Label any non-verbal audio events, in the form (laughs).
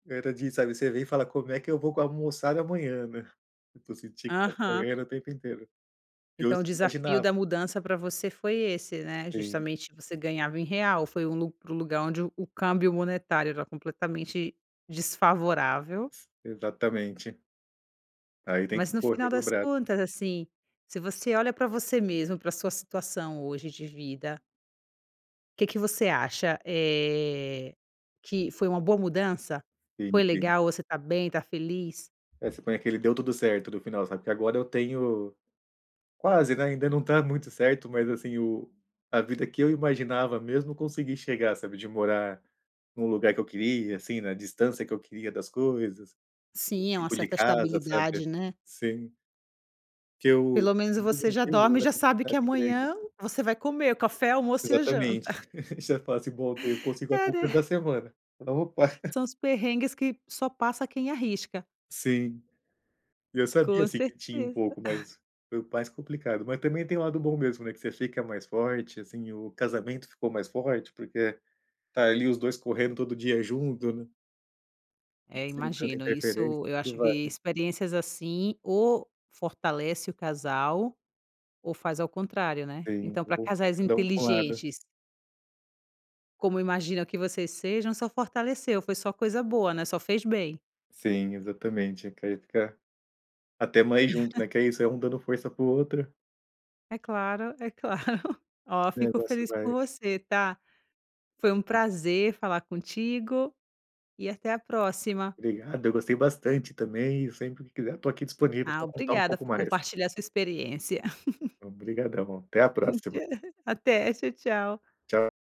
Era de sabe, você vê e fala como é que eu vou almoçar amanhã, né. Então você tinha que estar Aham. correndo o tempo inteiro. E Então hoje o eu não desafio imaginava. da mudança para você foi esse, né, Sim. justamente você ganhava em real, foi um lu um lugar onde o o câmbio monetário era completamente desfavorável. Exatamente. Aí tem que Mas no correr final no das braço. contas assim, se você olha para você mesmo para sua situação hoje de vida que que você acha, eh, que foi uma boa mudança? Sim, Foi sim. legal, você está bem, está feliz? É, você põe aquele deu tudo certo no final, sabe. Que agora eu tenho Quase, né, ainda não está muito certo, mas assim o a vida que eu imaginava mesmo consegui chegar sabe, de morar em um lugar que eu queria assim, na distância que eu queria das coisas, o Sim é uma tipo de certa casa sabe, estabilidade, né. sim. Porque eu, Pelo menos nunca você já gostei de dorme e morar já em sabe que cidade grande amanhã assim. você vai comer, o café, o almoço e a janta. Exatamente, (laughs) já faço, bom, eu consigo a É compra né. da semana, se não (unintelligible) (laughs) São os perrengues que só passa quem arrisca. Sim. E eu sabia Com assim que tinha um certeza. pouco (chuckles) mais, mais complicado, mas também tem o lado bom mesmo, né, que você fica mais forte assim, o casamento ficou mais forte, porque está ali os 2 correndo todo dia junto, né. É Sem tanta imagino, interferência, isso, eu tudo acho vai, que né. experiências assim ou fortalece o casal, ou faz ao contrário, né. Sim, Então no para bom casais sentido é um (unintelligible) inteligentes como imagino que vocês sejam, só fortaleceu, foi só coisa boa, né, só fez bem. Sim, exatamente, é querer ficar até mais junto, né. Que (laughs) é isso é um dando força para o outro. É claro, é claro. Olha, O fico negócio feliz por vai. você, tá. Foi um prazer falar contigo, e até a próxima. Obrigado, eu gostei bastante também, sempre que quiser eu estou aqui disponível Ah, para contar um obrigada pouco por mais. compartilhar sua experiência. (laughs) Obrigadão, até a próxima. (laughs) Até, tchau, tchau. Tchau.